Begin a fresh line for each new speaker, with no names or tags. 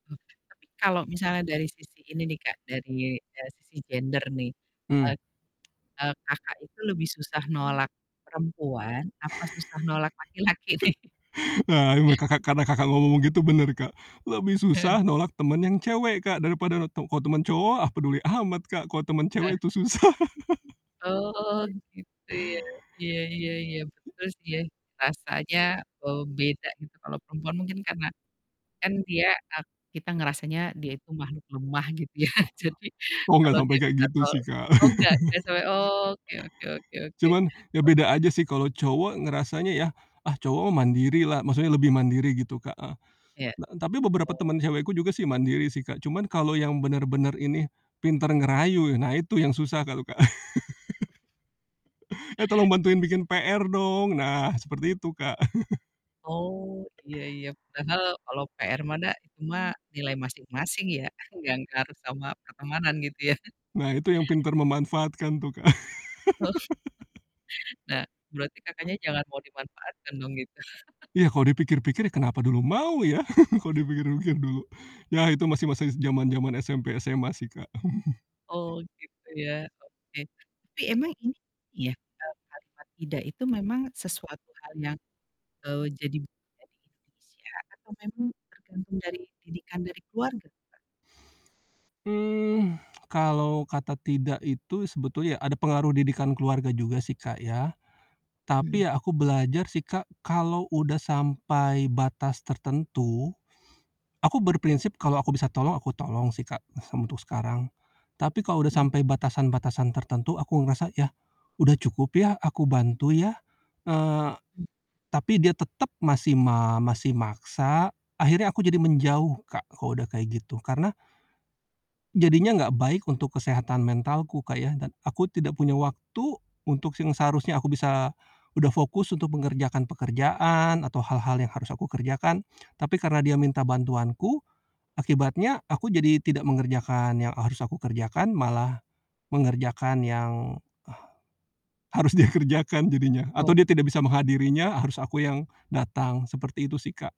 Oke, tapi kalau misalnya dari sisi ini nih Kak, dari dari sisi gender nih,
Hmm.
eee eee, Kakak itu lebih susah nolak perempuan, apa susah nolak laki-laki nih?
Ah buat Kakak karena Kakak ngomong-ngomong begitu bener, Kak. Lebih
Heeh.
susah nolak temen yang cewek, Kak, daripada roto kok temen cowok, ah, peduli amat, Kak, kok temen
Heeh.
cewek itu susah.
Oh, gitu ya, iya iya iya, betul sih ya, rasanya, eee, beda gitu, kalau perempuan mungkin karena kan dia, ak kita ngerasanya dia itu makhluk lemah gitu ya. jadi,
Oh oh, nggak
kalau
sampe
dia
kayak
minta
gitu
tol
sih, Kak.
oh, nggak? Nggak sole oke oke oke oke
Cuman, ya
oke.
beda aja sih, kalo cowok ngerasanya ya, "Ah, cowok mah mandiri lah," maksudnya lebih mandiri gitu, Kak, heeh.
Ya.
Na tapi beberapa
O
temen cewekku juga sih mandiri sih, Kak, cuman kalo yang bener-bener ini, pinter ngerayu, e nah, itu yang susah kalo Kak. "Eh, tolong bantuin bikin PR dong," nah seperti itu, Kak.
Oh, iya iya. Padahal kalau PR mah da, itu mah nilai masing-masing ya, nggak ngaruh sama pertemanan gitu ya.
Nah, itu yang pinter memanfaatkan tuh, Kak.
Oh. Nah, berarti Kakaknya jangan mau dimanfaatkan dong, gitu.
Iya, kalo dipikir-pikir, "Kenapa dulu mau ya?" Kalo dipikir-pikir dulu. Ya, itu masih masa zaman-zaman SMP, SMA sih, Kak.
Oh, gitu ya, oke. Tapi emang ini ya, eee, kalimat tidak itu memang sesuatu hal yang, eee, jadi budaya di Indonesia, atau memang tergantung dari didikan dari keluarga tuh, Kak?
Mmm, kalau kata tidak itu, sebetulnya ya ada pengaruh didikan keluarga juga sih, Kak, ya.
Hmm.
Tapi ya aku belajar sih, Kak, kalau udah sampai batas tertentu, aku berprinsip kalau aku bisa tolong, aku tolong sih, Kak, sem untuk sekarang. Tapi kalau udah
Mmm.
sampai batasan-batasan tertentu aku ngerasa, "Yah, udah cukup ya aku bantu ya," eee,
Hmm.
tapi dia tetep masih ma masih maksa, akhirnya aku jadi menjauh, Kak, kalau udah kayak gitu. Karena jadinya gak baik untuk kesehatan mentalku, Kak, ya, dan aku tidak punya waktu untuk si yang seharusnya aku bisa udah fokus untuk mengerjakan pekerjaan, atau hal-hal yang harus aku kerjakan. Tapi karena dia minta bantuanku, akibatnya aku jadi tidak mengerjakan yang, eee, harus aku kerjakan, malah mengerjakan yang harus dia kerjakan jadinya, atau
Oke.
dia tidak bisa menghadirinya, eee, harus aku yang datang, seperti itu sih, Kak.